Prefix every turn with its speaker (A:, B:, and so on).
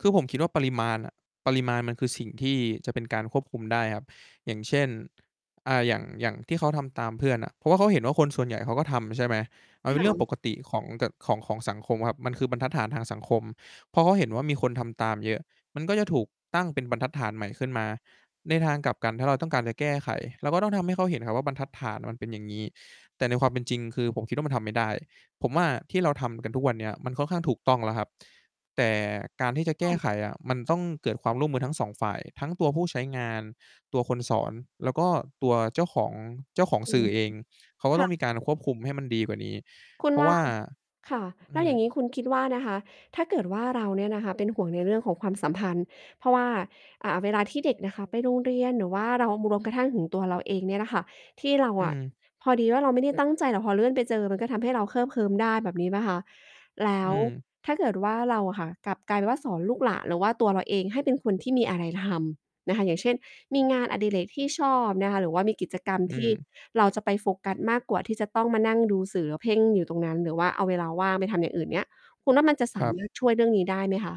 A: คือผมคิดว่าปริมาณอะ ปริมาณมันคือสิ่งที่จะเป็นการควบคุมได้ครับ อย่างเช่น อ่า อย่าง อย่างที่เขาทำตามเพื่อนอะ เพราะว่าเขาเห็นว่า คนส่วนใหญ่เขาก็ทำใช่ไหม? มัน
B: ค
A: เป็น
B: ่
A: เรื่องป
B: ะ
A: กติของ แต่ ของ ของสังคมครับ มันคือบรรทัดฐานทางสังคม พอเขาเห็นว่ามีคนทำตามเยอะ มันก็จะถูกตั้งเป็นบรรทัดฐานใหม่ขึ้นมา ในทางกลับกัน ถ้าเราต้องการจะแก้ไข เราก็ต้องทำให้เขาเห็นครับว่า บรรทัดฐานมันเป็นอย่างงี้ แต่ในความเป็นจริง คือผมคิดว่ามันทำไม่ได้ ผมว่าที่เราทำกันทุกวันเนี้ย มันค่อนข้างถูกต้องแล้วครับ แต่การที่จะแก
B: ค่
A: ้ไ
B: ะ
A: ขอะมันต้องเกิดความร่วมมือทั้ง 2 ฝ่าย ทั้งตัวผู้ใช้งาน ตัวคนสอน แล้วก็ตัวเจ้าของ เจ้าของ
B: อื
A: สื
B: ม
A: ่อเอง เขาก็
B: ค
A: ต
B: ่
A: ้อง
B: ะ
A: มีการควบคุมให้มันดีกว่านี้
B: คุ
A: เพ
B: ณ
A: รา
B: ว
A: ะว
B: ่า
A: ่า
B: ค่ะ
A: อ
B: แล้
A: ื
B: วอ
A: ม
B: ย่างงี้คุณคิดว่านะคะ ถ้าเกิดว่าเราเนี่ยนะคะ เป็นห่วงในเรื่องของความสัมพันธ์ เพราะว่า อ่า เวลาที่เด็กนะคะไปโรงเรียน หรือว่าเรา รวมกระทั่งถึงตัวเราเองเนี่ยน่ะค่ะ ที่เรา
A: อื
B: อะ
A: ม
B: พอดีว่าเราไม่ได้ตั้งใจ แต่พอเลื่อนไปเจอ มันก็ทำให้เราเคลิบเคลิ้มได้แบบนี้เปล่าคะ? แล้
A: อื
B: ว
A: ม
B: ถ้าเกิดว่าเราอะค่ะ กลับกลายเป็นว่าสอนลูกหลาน หรือว่าตัวเราเองให้เป็นคนที่มีอะไรทำนะคะ อย่างเช่น มีงานอดิเรกที่ชอบนะคะ หรือว่ามีกิจกรรม
A: อื
B: ที่
A: ม
B: เราจะไปโฟกัส มากกว่าที่จะต้องมานั่งดูสื่อ แล้วเพ่งอยู่ตรงนั้น หรือว่าเอาเวลาว่างไปทำอย่างอื่นเนี้ย คุณว่ามันจะ ส
A: ค
B: า
A: รับ
B: มารถ ช่วยเรื่องนี้ได้ไหมคะ?